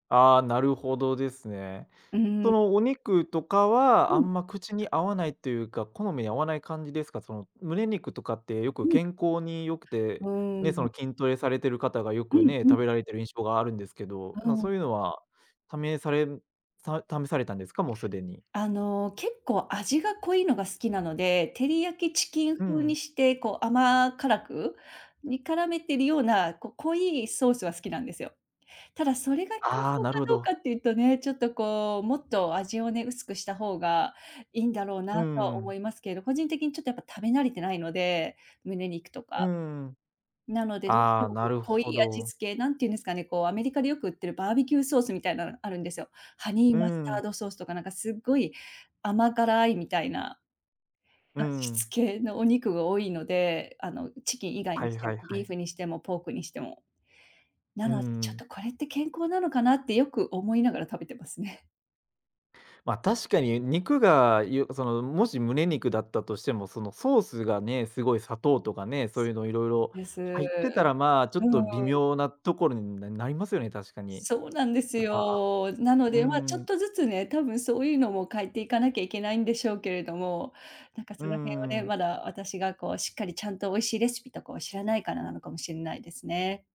ああ、なるほどですね。うーそん。のお肉とかうは、あん。んま口に合わないっていうか、好みに合わない感じですか？その胸肉とかってよくうん。健康に良くうて、ね、ーそのん。筋トレされている方がようくんね、う食ん。べられてる印象があるんですけど、うまあそん。ういうのは、試され試されたんですか？もうすでに。あの、結構味が濃いのが好きなので、照り焼きチキンう風ん。にして、こう甘辛く、煮絡めてるような、こう濃いソースが好きなんですよ。ただそれが健ああ、康なるかほどうかど。っていうとね、ちょっとこう、もっと味をね、薄くした方がいいんだろううなとはん。思いますけど、個人的にちょっとやっぱ食べ慣れてないので、胸肉とうか。ん。なので、どうしあてあ、もこなうる濃いほ味ど。付け、なんていうんですかね、こうアメリカでよく売ってるバーベキューソースみたいなのあるんですよ。ハニうーマスーターん。ドソースとか、なんかすっごい甘辛いみたいな。うー味ん。付けのお肉が多いので、あのチキン以外はにしいてはいも、はビーい。フにしてもポークにしても。なうーので、ちょっん。とこれって健康なのかなってよく思いながら食べてますね。まあ、確かに肉が、よその、もし胸肉だったとしても、そのソースがね、すごい砂糖とかね、そういうのいろいろ、です。う入ってたらまあ、ちょーっと微ん。妙なところに、ななりますよね、確かに。そうなんですやっぱ、あよ。なのうーで、まあちょっん。とずつね、たぶんそういうのも変えていかなきゃいけないんでしょうけれども、なんかうそーの辺をね、ん。まだ私がこうしっかりちゃんと美味しいレシピとかを知らないからなのかもしれないですね。